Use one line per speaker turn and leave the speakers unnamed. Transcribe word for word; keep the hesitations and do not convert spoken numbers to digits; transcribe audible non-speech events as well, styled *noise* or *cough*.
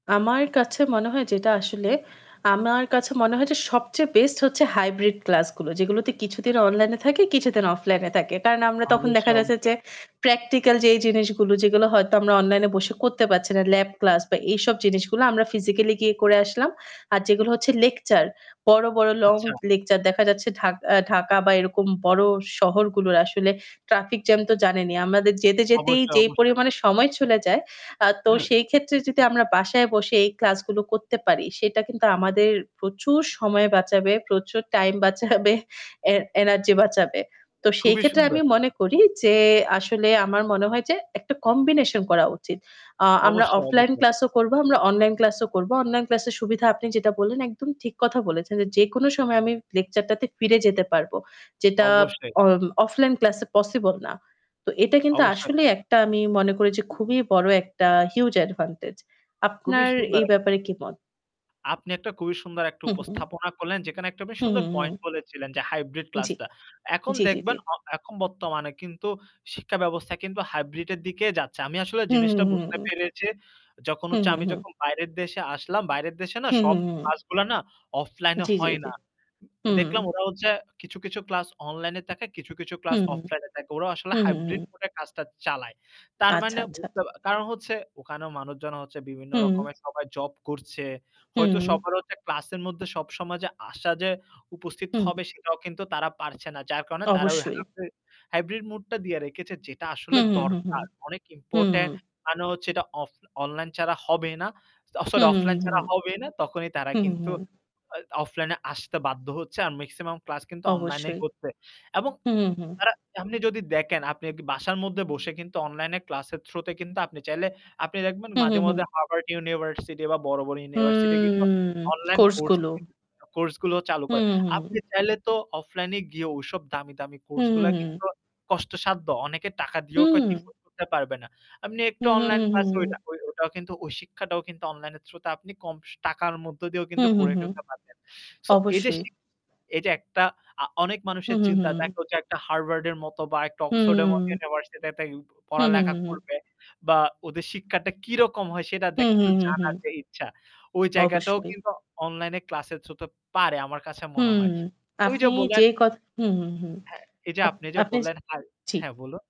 আমার কাছে মনে হয় যেটা আসলে আমার কাছে মনে হয় যে সবচেয়ে বেস্ট হচ্ছে হাইব্রিড ক্লাস গুলো যেগুলোতে কিছুদিন অনলাইনে থাকে, কিছুদিন অফলাইনে থাকে। কারণ আমরা তখন দেখা
অবশ্যই, অবশ্যই।
যাচ্ছে যে প্র্যাকটিক্যাল যে জিনিসগুলো যেগুলো হয়তো আমরা অনলাইনে বসে করতে পারছি না। ল্যাব ক্লাস বা এইসব জিনিসগুলো আমরা ফিজিক্যালি গিয়ে করে আসলাম। আর যেগুলো হচ্ছে লেকচার বড়, বড় লং
আচ্ছা।
লেকচার দেখা যাচ্ছে ঢা ঢাকা বা এরকম বড় শহরগুলোর আসলে ট্রাফিক জ্যাম তো জানেনি। আমাদের যেতে যেতেই
অবশ্যই,
যেই
অবশ্যই।
পরিমাণে সময় চলে যায় আ তো সেই ক্ষেত্রে যদি আমরা বাসায় বসে এই ক্লাসগুলো করতে পারি, সেটা কিন্তু আমাদের প্রচুর সময় বাঁচাবে, প্রচুর টাইম বাঁচাবে, এ এনার্জি বাঁচাবে। তো সেই
খুবই
ক্ষেত্রে আমি
সুন্দর।
মনে করি যে আসলে আমার মনে হয় যে একটা কম্বিনেশন করা উচিত। আ আমরা
অবশ্যই,
অফলাইন
অবশ্যই।
ক্লাস ও করব, আমরা অনলাইন ক্লাসও করব। অনলাইন ক্লাস এর সুবিধা আপনি যেটা বললেন একদম ঠিক কথা বলেছেন। যে যেকোনো সময় আমি লেকচার টাতে ফিরে যেতে পারব। যেটা
অবশ্যই।
অ অফলাইন ক্লাস এ পসিবল না। তো এটা কিন্তু
অবশ্যই।
আসলেই একটা আমি মনে করি যে খুবই বড় একটা হিউজ অ্যাডভান্টেজ।
খুবই
আপনার
সুন্দর
এই
এক
ব্যাপারে কি মত?
আপনি একটা খুবই সুন্দর একটা
হু, হু।
উপস্থাপনা করলেন যেকানে একটা বেশ
হু,
সুন্দর
হু, হু।
পয়েন্ট বলেছিলেন যে হাইব্রিড
জি।
ক্লাসটা। এখন
জি, জি, জি।
দেখবেন অ এখন বর্তমানে কিন্তু শিক্ষা ব্যবস্থা কিন্তু হাইব্রিডের দিকে যাচ্ছে। আমি আসলে
হু, হু,
জিনিসটা
হু, হু।
বুঝতে
হু, হু, হু।
পেরেচি যখন
হু, হু,
হচ্ছে
হু,
আমি
হু। হু, হু, হু।
যখন বাইরের দেশে আসলাম, বাইরের দেশে না
হু, হু,
সব
হু।
ক্লাসগুলা না অফলাইনে
জি, জি,
হয়
জি।
না।
হুম।
দেখলাম ওরা হচ্ছে কিছু, কিছু ক্লাস অনলাইনে তাকে, কিছু, কিছু
হু,
ক্লাস
হু।
অফলাইনে থাকে। ওরা আসলে
হু, হু,
হাইব্রিড
হু।
মুডে কাজটা চালায়। তার
আচ্ছা,
মানে
আচ্ছা,
বুঝতে
আচ্ছা।
কারণ হচ্ছে ওখানে মানুষজন হচ্ছে বিভিন্ন
হুম।
রকমের সবাই জব করছে। হয়তো
হুম।
সবার হচ্ছে ক্লাসের মধ্যে সবসময় যে আসা যে উপস্থিত
হুম।
হবে সেটাও কিন্তু তারা পারছে না। যার কারণে তারা ওই
অবশ্যই।
হাইব্রি হাইব্রিড মুডটা দিয়ে রেখেছে যেটা
হু,
আসলে
হু, হু,
দরকার। অনেক
হু।
ইম্পোর্টেন্ট কারণ হচ্ছে এটা অফ অনলাইন ছাড়া হবে না। অ
হু,
সরি
হু,
অফলাইন
হু।
ছাড়া হবেই না তখনই তারা
হু, হু,
কিন্তু
হু।
আ অফলাইনে আসতে বাধ্য হচ্ছে। আর মেক্সিমাম ক্লাস কিন্তু অনলাইনেই
অবশ্যই।
হচ্ছে। এবং
হু, হু, হু।
তারা আপনি যদি দেখেন আপনি বাসার মদ্দে বসে কিন্তু অনলাইন ক্লাসের থ্রু তে কিন্তু আপনি চাইলে আপনি দেখবেন
হু, হু,
মাঝে,
হু।
মাঝে হার্ভার্ড ইউনিভার্সিটি বা বড়, বড় ইউনিভার্সিটি কিন্তু
হুম
অনলাইন কোর্স ও
কোর্সগুলো।
কিন্তু কোর্সগুলো চালু
হু,
করে।
হু।
আপনি চাইলে তো অফলাইন এ গিয়ে ঐসব দামি, দামি
হু,
কোর্সগুলা
হু, হু।
কিন্তু কষ্টসাধ্য। অনেকে টাকা দিয়েও
হুম।
*unintelligible* করতে পারবে না। আপনি একটু
হু, হু, হু,
অনলাইন ক্লাস ওইটা
হু।
ওই, ওইটাও কিন্তু ওই শিক্ষাটাও কিন্তু অনলাইন থ্রু তে আপনি কম টাকার মধ্যে দিয়েও
হু,
কিন্তু
হু,
করে
হু।
ফেলতে পারবেন। সো এই যে
অবশ্যই।
শিক্ষা এই যে একটা আ অনেক
হু,
মানুষের
হু, হু।
চিন্তা থাকলো যে একটা হার্ভার্ড এর মত বা একটা অক্সফোর্ডের মত
হুম।
ইউনিভার্সিটিতে *unintelligible*
হু, হু,
পড়ালেখা
হু, হু।
করবে বা ওদের শিক্ষাটা কিরকম হয় সেটা
হু, হু,
দেখতে
হু, হু।
জানার যে ইচ্ছা। ওই জায়গাটাও
অবশ্যই।
কিন্তু অনলাইন ক্লাসের থ্রুতে পারে আমার কাছে মনে
হুম,
হয়। ওই
আপনি
যে
যে
বললেন
কথা হু, হু, হু।
হ্যাঁ এই যে
আপ
আপনি যে
আপনি
বললেন হা
জি।
হ্যাঁ বলুন।